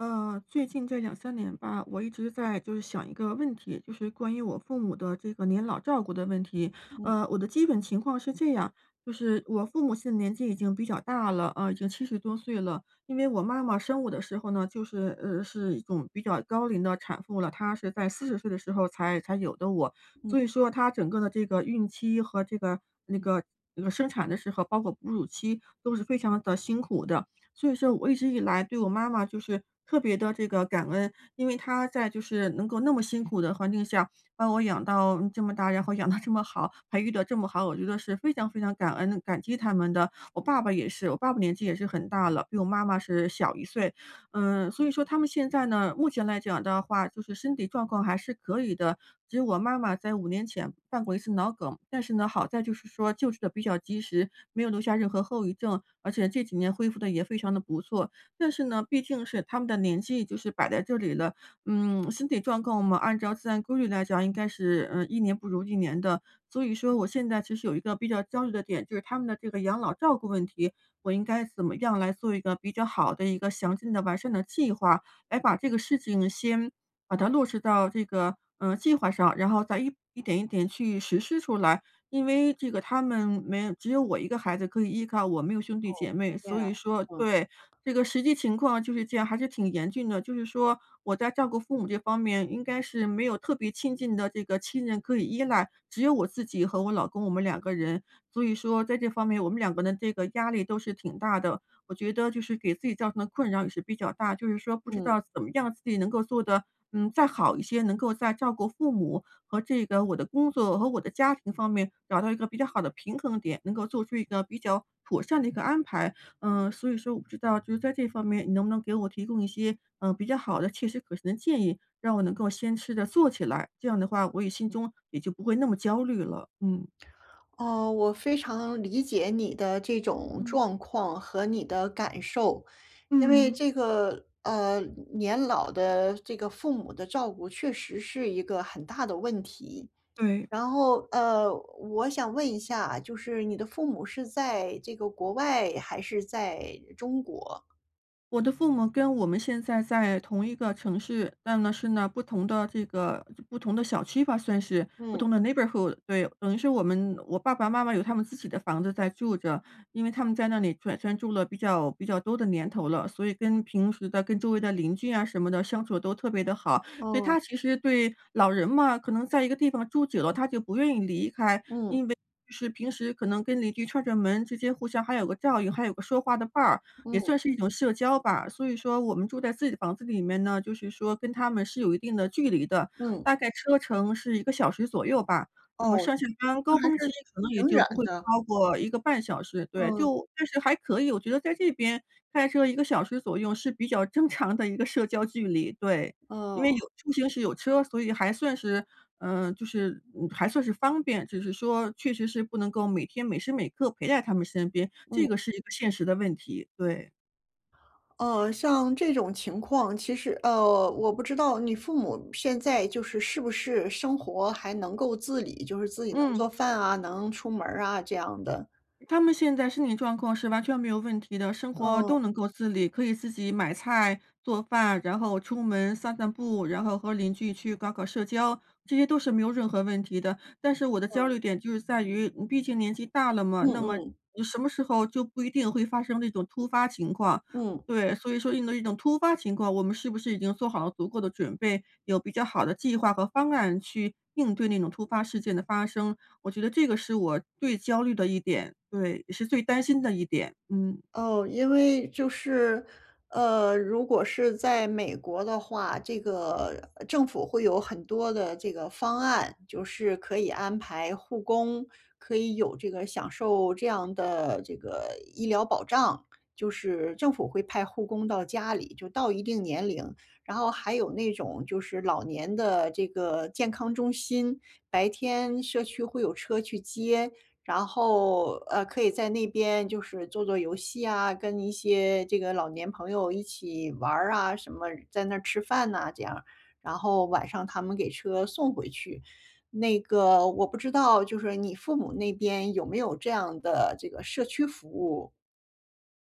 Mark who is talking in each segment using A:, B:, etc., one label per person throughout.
A: 呃，最近这2-3年吧，我一直在就是想一个问题，就是关于我父母的这个年老照顾的问题。
B: 嗯。
A: 呃，我的基本情况是这样，就是我父母现在年纪已经比较大了，啊，已经70多岁了。因为我妈妈生我的时候呢，就是呃，是一种比较高龄的产妇了，她是在40岁的时候才才有的我。
B: 嗯。
A: 所以说她整个的这个孕期和这个那个那个生产的时候，包括哺乳都是非常地辛苦的。所以说我一直以来对我妈妈就是特别地这个感恩，因为她在就是能够那么辛苦的环境下，把我养到这么大，然后养到这么好，培育的这么好，我觉得是非常非常感恩，感激他们的。我爸爸也是，我爸爸年纪也是很大了，比我妈妈是小一岁。嗯，所以说他们现在呢，目前来讲的话就是身体状况还是可以的，只有我妈妈在5年前犯过一次脑梗。但是呢，好在就是说救治得比较及时，没有留下任何后遗症，而且这几年恢复得也非常地不错。但是呢，毕竟是他们的年纪就是摆在这里了，嗯，身体状况嘛，按照自然规律来讲，应该是，呃，一年不如一年的。所以说我现在其实有一个比较焦虑的点，就是他们的这个养老照顾问题，我应该怎么样来做一个比较好的一个详尽的、完善的计划，来把这个事情先把它落实到这个，呃，计划上，然后再一点一点去实施出来。因为这个他们没只有我一个孩子可以依靠，我没有兄弟
B: 哦，
A: 姐妹，
B: 对呀，
A: 所以说
B: 嗯。
A: 对，这个实际情况就是这样，还是挺严峻的。就是说，我在照顾父母这方面应该是没有特别亲近的这个亲人可以依赖，只有我自己和我老公我们两个人。所以说，在这方面我们两个人这个压力都是挺大的。我觉得就是给自己造成的困扰也是比较大，就是说不知
B: 嗯。
A: 道怎么样自己能够做得，嗯，再好一些，能够再照顾父母和这个我的工作和我的家庭方面找到一个比较好的平衡点，能够做出一个比较妥善的一个安排。嗯，所以说我不知道就是在这方面你能不能给我提供一些，嗯，比较好的切实可行的建议，让我能够先试着做起来，这样的话我也心中也就不会那么焦虑了，嗯。
B: 呃，我非常理解你的这种
A: 嗯。
B: 状况和你的感受，因为
A: 嗯。
B: 这个，呃，年老的这个父母的照顾确实是一个很大的问题。
A: 对。
B: 然后呃，我想问一下，就是你的父母是在这个国外还是在中国？
A: 我的父母跟我们现在在同一个城市，但呢是那不同的这个不同的小区吧算是，不同
B: 嗯。
A: 的 neighborhood。对，等于是我们我爸爸妈妈有他们自己的房子在住着，因为他们在那里转住了比较比较多的年头了，所以跟平时的跟周围的邻居啊什么的，相处都特别地好。所以
B: 哦。
A: 他其实对，老人嘛，可能在一个地方住久了，他就不愿意离开。因为
B: 嗯。
A: 就是平时可能跟邻居串串门之间互相还有个照应，还有个说话的伴儿，也
B: 嗯。
A: 算是一种社交吧。所以说我们住在自己的房子里面呢，就是说跟他们是有一定的距离的，
B: 嗯。
A: 大概车程是1个小时左右吧，那么
B: 哦，
A: 上下班
B: 那
A: 高
B: 还
A: 峰
B: 是
A: 期可能也
B: 挺
A: 就
B: 远
A: 不会
B: 的。
A: 超过1个半小时。对，
B: 嗯。
A: 就，但是还可以，我觉得在这边开车1个小时左右是比较正常的一个社交距离，对。因为有
B: 哦。
A: 出行时有车，所以还算是，嗯，就是嗯，还算是方便。就是说，确实是不能够每天每时每刻陪在他们身边，这
B: 嗯。
A: 个是一个现实的问题，对。
B: 呃，像这种情况，其实呃，我不知道你父母现在，就是是不是生活还能够自理，就是自己能做
A: 嗯。
B: 饭啊，能出门儿啊这样的？
A: 他们现在身体状况是完全没有问题的，生活都
B: 嗯。
A: 能够自理，可以自己买菜做饭，然后出门散散步，然后和邻居去搞搞社交，这些都是没有任何问题的。但是我的焦
B: 嗯。
A: 虑点就是在于，嗯，毕竟年纪大了嘛，
B: 嗯
A: 那么
B: 嗯。
A: 什么时候就不一定会发生这种突发情况，
B: 嗯。
A: 对。所以说应对这种突发情况，我们是不是已经做好了足够的准备？有比较好的计划和方案去应对那种突发事件的发生，我觉得这个是我最焦虑的一点，对。也是最担心的一点，嗯。
B: 哦，因为就是，呃，如果是在美国的话，这个政府会有很多的这个方案，就是可以安排护工，可以有这个享受这样的这个医疗保障。就是政府会派护工到家里，就到一定年龄。然后还有那种，就是老年的这个健康中心。白天社区会有车去接，然后，呃，可以在那边就是做做游戏啊，跟一些这个老年朋友一起玩儿啊什么，在那儿吃饭呐这样，然后晚上他们给车送回去。那个，我不知道就是你父母那边有没有这样的这个社区服务？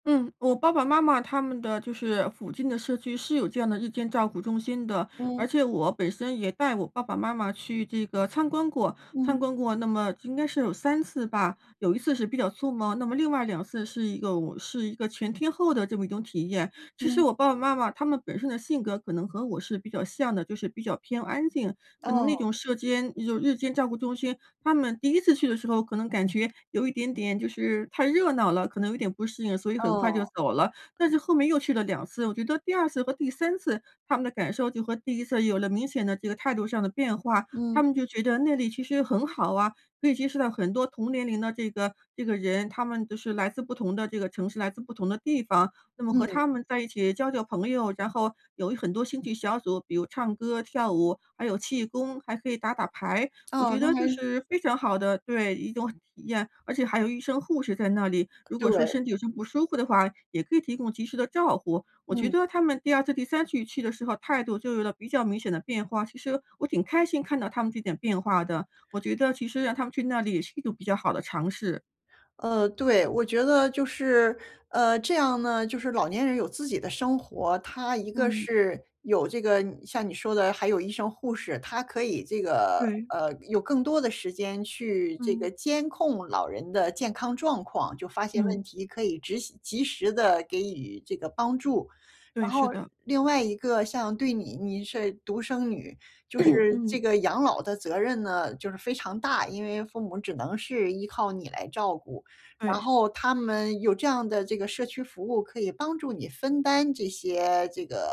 A: 嗯，我爸爸妈妈他们的就是附近的社区是有这样的日间照顾中心的，
B: 嗯。
A: 而且我本身也带我爸爸妈妈去这个参观过，
B: 嗯。
A: 参观过那么应该是有3次吧。有1次是比较匆忙，那么另外2次是一个哦，是一个全天候的这么一种体验。其实
B: 嗯。
A: 我爸爸妈妈他们本身的性格可能和我是比较像的，就是比较偏安静，可能那
B: 哦。
A: 种社间就是日间照顾中心，他们第一次去的时候可能感觉有一点点就是太热闹了，可能有点不适应，所以很快就
B: 哦。
A: 走了。但是后面又去了2次，我觉得第2次和第3次，他们的感受就和第1次有了明显的这个态度上的变化。他
B: 嗯。
A: 们就觉得那里其实很好啊，可以接触到很多同年龄的这个这个人，他们都是来自不同的这个城市，来自不同的地方，那么和
B: 嗯。
A: 他们在一起交交朋友，然后有一很多兴趣小组，比如唱歌跳舞，还有气功，还可以打打牌，我
B: 哦，
A: 觉
B: 那
A: 得
B: 还
A: 就
B: 是
A: 是非常好的对，一种体验。而且还有医生护士在那里，如果说
B: 对。
A: 身体有什么不舒服的话，也可以提供及时的照护。我觉
B: 嗯。
A: 得他们第2次第3次去的时候，态度就有了比较明显的变化，其实我挺开心看到他们这点变化的，我觉得其实让他们去那里也是一种比较好的尝试。
B: 呃，对，我觉得就是，呃，这样呢，就是老年人有自己的生活。他一个
A: 嗯。
B: 是有这个你像你说的还有医生护士，他可以这个，
A: 对。
B: 呃，有更多的时间去这
A: 嗯。
B: 个监控老人的健康状况，就发现问
A: 嗯。
B: 题可以及时及时地给予这个帮助。
A: 对，
B: 然后
A: 是的。
B: 另外一个像对你你是独生女，就 是
A: 嗯。
B: 这个养老的责任呢，就是非常大，因为父母只能是依靠你来照顾。然
A: 对。
B: 后他们有这样的这个社区服务，可以帮助你分担这些这个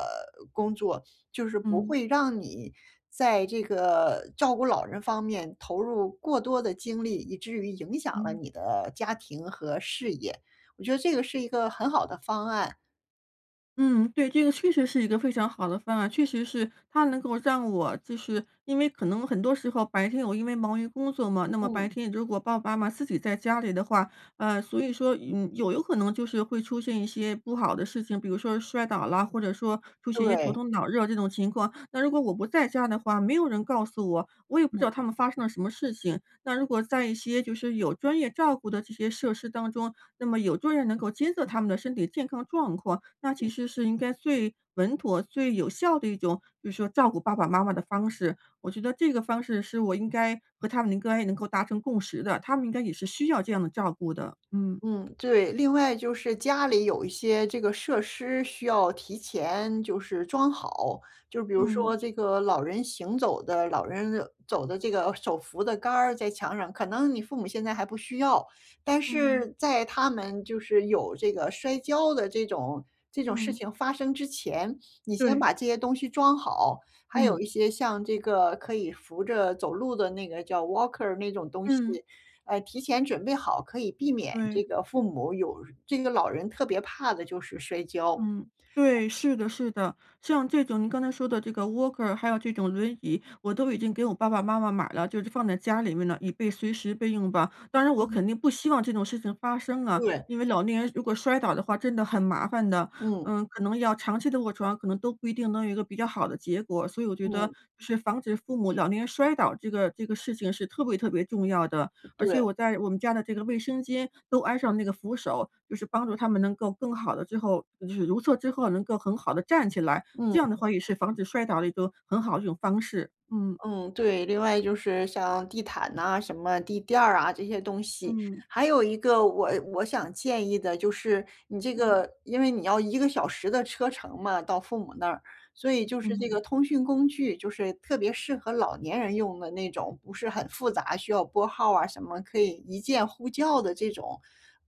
B: 工作，就是不
A: 嗯。
B: 会让你在这个照顾老人方面投入过多的精力，以至于影响了
A: 嗯。
B: 你的家庭和事业。我觉得这个是一个很好的方案。
A: 嗯，对，这个确实是一个非常好的方案，确实是，它能够让我就是因为可能很多时候白天我因为忙于工作嘛，那么白
B: 嗯。
A: 天如果爸爸妈妈自己在家里的话，呃，所以说嗯，有有可能就是会出现一些不好的事情，比如说摔倒啦，或者说出现一些头
B: 对。
A: 痛、脑热这种情况。那如果我不在家的话，没有人告诉我，我也不知
B: 嗯。
A: 道他们发生了什么事情。那如果在一些就是有专业照顾的这些设施当中，那么有专人能够监测他们的身体健康状况，那其
B: 嗯。
A: 实是应该最稳妥、最有效的一种，就是说照顾爸爸妈妈的方式，我觉得这个方式是我应该和他们应该能够达成共识的，他们应该也是需要这样的照顾的，嗯。
B: 嗯，对。另外就是家里有一些这个设施需要提前就是装好，就比如
A: 嗯。
B: 说这个老人行走的老人走的这个手扶的杆儿在墙上。可能你父母现在还不需要，但
A: 嗯。
B: 是在他们就是有这个摔跤的这种这种事
A: 嗯。
B: 情发生之前，你先
A: 对。
B: 把这些东西装好，还有
A: 嗯。
B: 一些像这个可以扶着走路的那个叫 walker 那种东西。
A: 嗯。
B: 哎，提前准备好，可以避免
A: 对。
B: 这个父母有这个老人特别怕的就是摔跤。
A: 嗯，对，是的是的。像这种您刚才说的这个 walker 还有这种轮椅，我都已经给我爸爸妈妈买了就是放在家里面了，以备随时备用吧。当然我
B: 嗯。
A: 肯定不希望这种事情发生啊，
B: 对。
A: 因为老年人如果摔倒的话真的很麻烦的，
B: 嗯。
A: 嗯，可能要长期地卧床，可能都不一定能有一个比较好的结果。所以我觉得
B: 嗯。
A: 是防止父母老年人摔倒这个这个事情是特别特别重要的，而且
B: 对。
A: 我在我们家的这个卫生间都安上那个扶手，就是帮助他们能够更好的最后就是如厕之后能够很好地站起来，这
B: 嗯。
A: 样的话也是防止摔倒的一个很好的一种方式，嗯。
B: 嗯，对。另外就是像地毯呐什么地垫儿啊这些东西。
A: 嗯。
B: 还有一个我我想建议的就是你这
A: 嗯。
B: 个因为你要1个小时的车程嘛到父母那儿，所以就是这
A: 嗯。
B: 个通讯工具，就是特别适合老年人用的那种，不是很复杂，需要拨号儿啊什么可以一键呼叫的这种，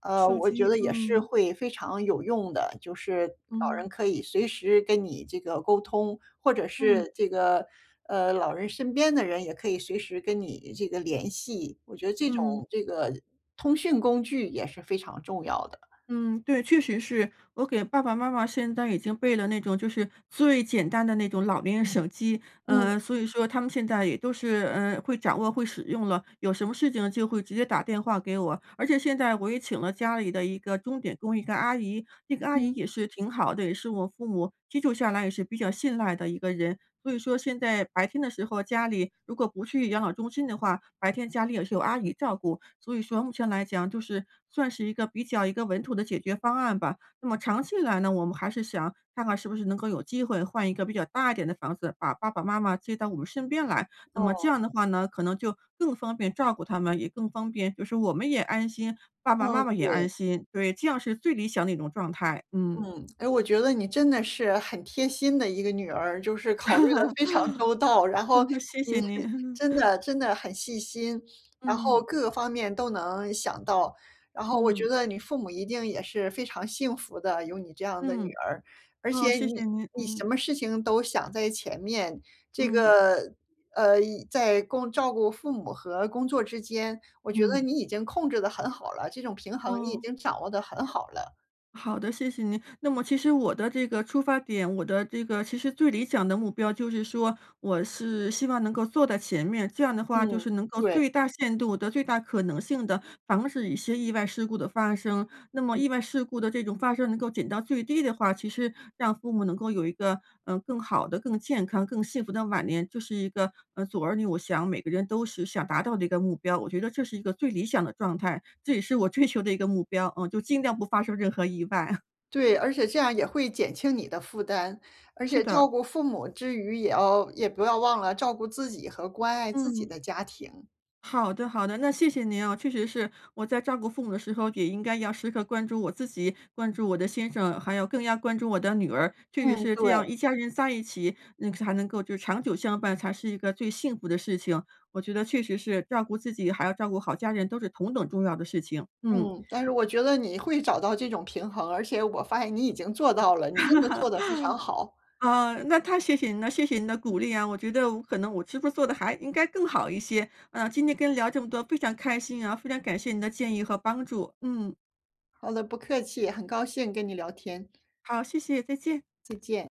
B: 呃，
A: 手
B: 我觉
A: 机，
B: 得也是
A: 嗯。
B: 会非常有用的。就是老
A: 嗯。
B: 人可以随时跟你这个沟通，或者
A: 嗯。
B: 是这个，呃，老人身边的人也可以随时跟你这个联系，我觉得这
A: 嗯。
B: 种这个通讯工具也是非常重要的。
A: 嗯，对，确实是。我给爸爸妈妈现在已经备了那种就是最简单的那种老年人手机，
B: 嗯。
A: 呃，所以说他们现在也都是，呃，会掌握、会使用了，有什么事情就会直接打电话给我。而且现在我也请了家里的一个钟点工一个阿姨，那个阿姨
B: 嗯。
A: 也是挺好的，也是我父母居住下来也是比较信赖的一个人，所以说现在白天的时候家里如果不去养老中心的话，白天家里也是有阿姨照顾，所以说目前来讲就是算是一个、比较一个稳妥的解决方案吧。那么长期以来呢，我们还是想看看是不是能够有机会换一个比较大一点的房子，把爸爸妈妈接到我们身边来，那么这
B: 哦。
A: 样的话呢，可能就更方便照顾他们也更方便就是我们也安心、爸爸
B: 嗯，
A: 妈妈也
B: 对。
A: 安心。对，这样是最理想的一种状态，嗯。
B: 嗯，诶，我觉得你真的是很贴心的一个女儿，就是考虑得非常周到，然后
A: 谢
B: 你
A: 谢
B: 是
A: 您。
B: 真 的真的很细心，然后
A: 嗯。
B: 各方面都能想到。然后我觉
A: 嗯。
B: 得你父母一定也是非常幸福的，有你这样的女
A: 嗯。
B: 儿，而且
A: 哦，谢谢
B: 你
A: 您，
B: 你什
A: 嗯。
B: 么事情都想在前面，这
A: 嗯。
B: 个，呃在工照顾父母和工作之间，我觉得
A: 嗯。
B: 你已经控制得很好了，这种平衡你已
A: 哦。
B: 经掌握得很好了。
A: 好的，谢谢您。那么其实我的这个出发点，我的这个其实最理想的目标就是说，我是希望能够做在前面，这样的话就
B: 嗯，
A: 是能够
B: 对。
A: 最大限度地、最大可能性地防止一些意外事故的发生。那么
B: 嗯。
A: 意外事故的这种发生能够减到最低的话，其实让父母能够有一个，呃，更好的、更健康、更幸福的晚年，就是一个，呃，做儿女，我想每个人都是想达到的一个目标。我觉得这是一个最理想的状态，这也是我追求的一个目标，嗯，就尽量不发生任何意外。
B: 对，而且这样也会减轻你的负担，而
A: 是
B: 且
A: 的。
B: 照顾父母之余也要也不要忘了照顾自己和关爱自己
A: 嗯。
B: 的家庭。
A: 好的，好的，那谢谢您啊。确实是，我在照顾父母的时候，也应该要时刻关注我自己、关注我的先生，还要更要关注我的女儿，确实
B: 嗯，
A: 是这样
B: 对。
A: 一家人在一起，嗯才能够就是长久相伴才是一个最幸福的事情，我觉得确实是照顾自己，还要照顾好家人都是同等重要的事情。嗯。
B: 嗯，但是我觉得你会找到这种平衡，而且我发现你已经做到了，你真的做得非常好。
A: 啊，那太谢谢您了，谢谢您的鼓励啊。我觉得我可能我是不是做得还应该更好一些，啊，今天跟您聊这么多非常开心啊，非常感谢您的建议和帮助，嗯。
B: 好的不客气，很高兴跟你聊天。
A: 好，谢谢，再见。
B: 再见。